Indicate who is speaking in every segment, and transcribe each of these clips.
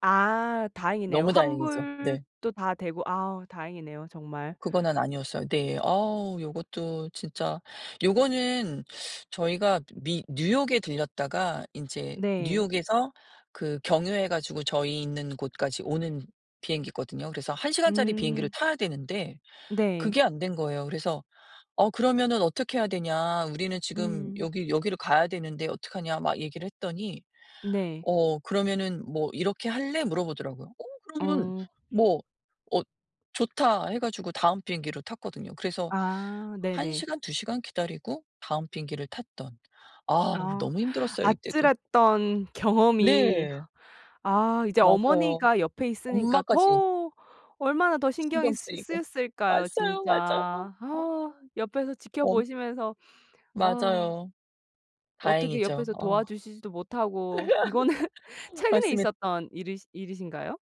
Speaker 1: 아 다행이네요.
Speaker 2: 너무 다행이죠. 네.
Speaker 1: 환불도 다 되고 아 다행이네요. 정말.
Speaker 2: 그거는 아니었어요. 네. 어 요것도 진짜 요거는 저희가 미 뉴욕에 들렸다가 인제
Speaker 1: 네.
Speaker 2: 뉴욕에서 그 경유해 가지고 저희 있는 곳까지 오는 비행기거든요. 그래서 1 시간짜리 비행기를
Speaker 1: 음.
Speaker 2: 타야 되는데
Speaker 1: 네.
Speaker 2: 그게 안 된 거예요. 그래서 "어 그러면은 어떻게 해야 되냐 우리는 지금
Speaker 1: 음.
Speaker 2: 여기 여기를 가야 되는데 어떡하냐." 막 얘기를 했더니
Speaker 1: 네.
Speaker 2: "어 그러면은 뭐 이렇게 할래?" 물어보더라고요. 어 그러면
Speaker 1: 어.
Speaker 2: 뭐 "어 좋다." 해 가지고 다음 비행기로 탔거든요. 그래서
Speaker 1: 아
Speaker 2: 1
Speaker 1: 네네.
Speaker 2: 시간, 2 시간 기다리고 다음 비행기를 탔던. 아
Speaker 1: 아.
Speaker 2: 너무 힘들었어요 이때도.
Speaker 1: 아찔했던 경험이
Speaker 2: 네.
Speaker 1: 아 이제
Speaker 2: 맞아요.
Speaker 1: 어머니가 옆에 있으니까
Speaker 2: 엄마까지.
Speaker 1: 더 얼마나 더 신경이
Speaker 2: 신경
Speaker 1: 쓰
Speaker 2: 쓰이고.
Speaker 1: 쓰였을까요.
Speaker 2: 왔어요.
Speaker 1: 진짜.
Speaker 2: 맞아요. 아.
Speaker 1: 아 옆에서
Speaker 2: 어.
Speaker 1: 지켜보시면서 어
Speaker 2: 맞아요.
Speaker 1: 어떻게
Speaker 2: 다행이죠.
Speaker 1: 옆에서
Speaker 2: 어.
Speaker 1: 도와주시지도 못하고 이거는 최근에
Speaker 2: 맞습니
Speaker 1: 있었던 일이 일이신가요?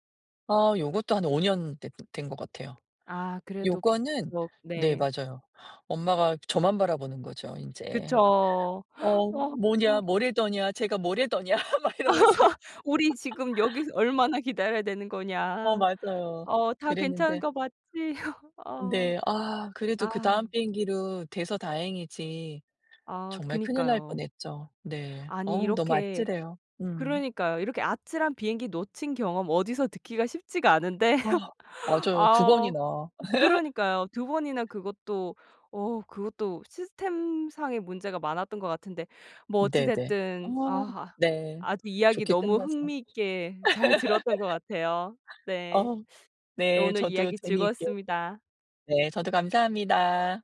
Speaker 2: 아 요것도 한 5 년 됐 된 것 같아요.
Speaker 1: 아 그래도
Speaker 2: 요거는
Speaker 1: [unintelligible]
Speaker 2: 네
Speaker 1: 네.
Speaker 2: 맞아요 엄마가 저만 바라보는 거죠. 인제.
Speaker 1: 그쵸.
Speaker 2: "어
Speaker 1: 어.
Speaker 2: 뭐냐 뭐래더냐 쟤가 뭐래더냐" 막 이러면서.
Speaker 1: "우리 지금 여기서 얼마나 기다려야 되는
Speaker 2: 어
Speaker 1: 거냐?"
Speaker 2: 맞아요.
Speaker 1: 어 "다 괜찮은
Speaker 2: 그랬는데
Speaker 1: 거 맞지?" 어.
Speaker 2: 네. 아 그래도 그다음
Speaker 1: 아.
Speaker 2: 비행기로 돼서 다행이지.
Speaker 1: 아
Speaker 2: 정말 큰일 날
Speaker 1: 그니까요.
Speaker 2: 뻔했죠. 네.
Speaker 1: 아니
Speaker 2: 어우 너무
Speaker 1: 이렇게
Speaker 2: 아찔해요. 음.
Speaker 1: 그러니까요. 이렇게 아찔한 비행기 놓친 경험 어디서 듣기가 쉽지가 않은데
Speaker 2: 아 맞아요. 2
Speaker 1: 아 어
Speaker 2: 번이나.
Speaker 1: 그러니까요 2 번이나 그것도 어 그것도 시스템상의 문제가 많았던 것 같은데 뭐 어찌
Speaker 2: 네네. 아
Speaker 1: 됐든 아
Speaker 2: 네.
Speaker 1: 아주 이야기
Speaker 2: 좋게
Speaker 1: 너무
Speaker 2: 끝나서
Speaker 1: 흥미 있게 잘 들었던 것 같아요. 네.
Speaker 2: 어.
Speaker 1: 네
Speaker 2: 네.
Speaker 1: 오늘
Speaker 2: 저도
Speaker 1: 이야기
Speaker 2: 재미있게
Speaker 1: 즐거웠습니다.
Speaker 2: 네 저도 감사합니다.